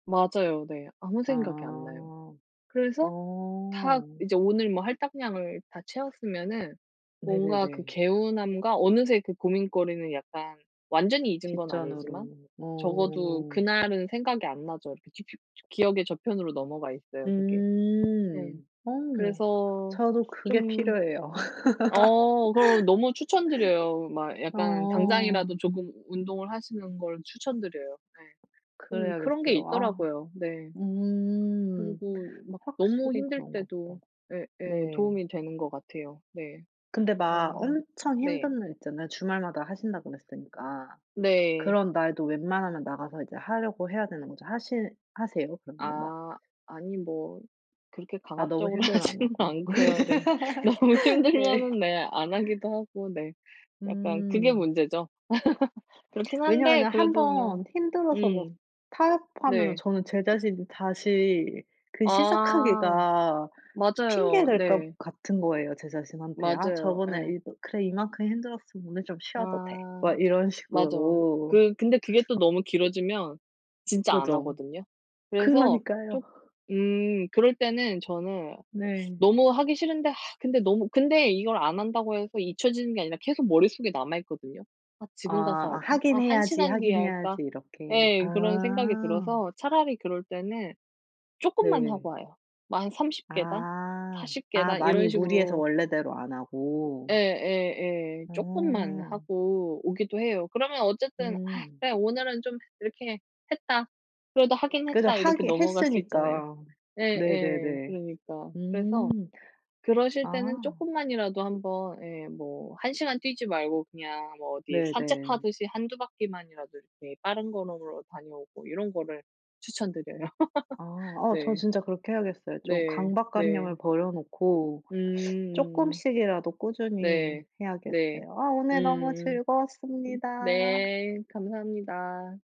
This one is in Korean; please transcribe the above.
맞아요. 네. 아무 생각이 안 나요. 아. 그래서 다 어. 이제 오늘 뭐 할당량을 다 채웠으면은 뭔가 그 네네네. 개운함과 어느새 그 고민거리는 약간 완전히 잊은 건 아니지만 뒷전으로. 적어도 어. 그날은 생각이 안 나죠. 이렇게 지표 기억의 저편으로 넘어가 있어요 그게. 네. 음. 어. 그래서 저도 그게 좀 필요해요. 어 그럼 너무 추천드려요. 막 약간 어. 당장이라도 조금 운동을 하시는 걸 추천드려요. 네. 좀 그런 게 그래야겠어요. 아. 있더라고요. 네. 음. 그리고 막 너무 확실히 힘들 그런가 때도 보다. 네. 예예. 도움이 되는 것 같아요. 네. 근데 막 어. 엄청 네. 힘든 날 있잖아요. 주말마다 하신다고 그랬으니까. 네. 그런 날도 웬만하면 나가서 이제 하려고 해야 되는 거죠. 하시 하세요? 그러면은 막 아. 아니 뭐 그렇게 아 너무 강압적으로 힘들면 안 하지는 하고. 않고요. 네. 너무 네. 힘들면은 네 안 하기도 하고 네 약간 그게 음. 문제죠. 그렇긴 한데 왜냐면은 1 그래도 그냥 번 힘들어서 뭐 음. 타협하면은 네. 저는 제 자신이 다시 그 아. 시작하기가 핑계 맞아요. 댈 네. 것 같은 거예요, 제 자신한테. '아 맞아요. 저번에 예. 이도 그래 이 만큼 힘들었으면 오늘 좀 쉬어도 돼.' 아. 막 이런 맞아요. 식으로. 그 근데 그게 또 너무 길어지면 진짜 안 그죠. 하거든요. 그래서 그러니까요. 좀 음. 그럴 때는 저는 네. 너무 하기 싫은데 근데 너무 근데 이걸 안 한다고 해서 잊혀지는 게 아니라 계속 머릿속에 남아 있거든요. '아 지금 가서 아 할까? 아 '하긴 1 해야지, 시간 뒤에 하긴 할까?' 해야지.' 이렇게. 예. 그런 생각이 아. 들어서 차라리 그럴 때는 조금만 하고 네. 와요. 뭐 한 30 계단? 아. 40 아 계단? 많이 이런 무리해서 식으로 원래대로 안 하고? 예예예. 조금만 어. 하고 오기도 해요. 그러면 어쨌든 '아 음. 그래 오늘은 좀 이렇게 했다. 그래도 하긴 그래도 했다.' 이렇게 하긴 넘어갈 수 있잖아요. 했으니까. 예예. 네네네. 그러니까. 그래서 음. 그러실 때는 아. 조금만이라도 한번 예 뭐 1 시간 뛰지 말고 그냥 뭐 어디 네네. 산책하듯이 1-2 바퀴 만이라도 이렇게 빠른 걸음으로 다녀오고 이런 거를 추천드려요. 아 어 저 네. 진짜 그렇게 해야겠어요. 좀 네. 네. 강박관념을 버려 놓고 음. 조금씩이라도 꾸준히 네. 네. 해야겠어요. 아 오늘 너무 음. 으 즐거웠습니다. 네. 감사합니다.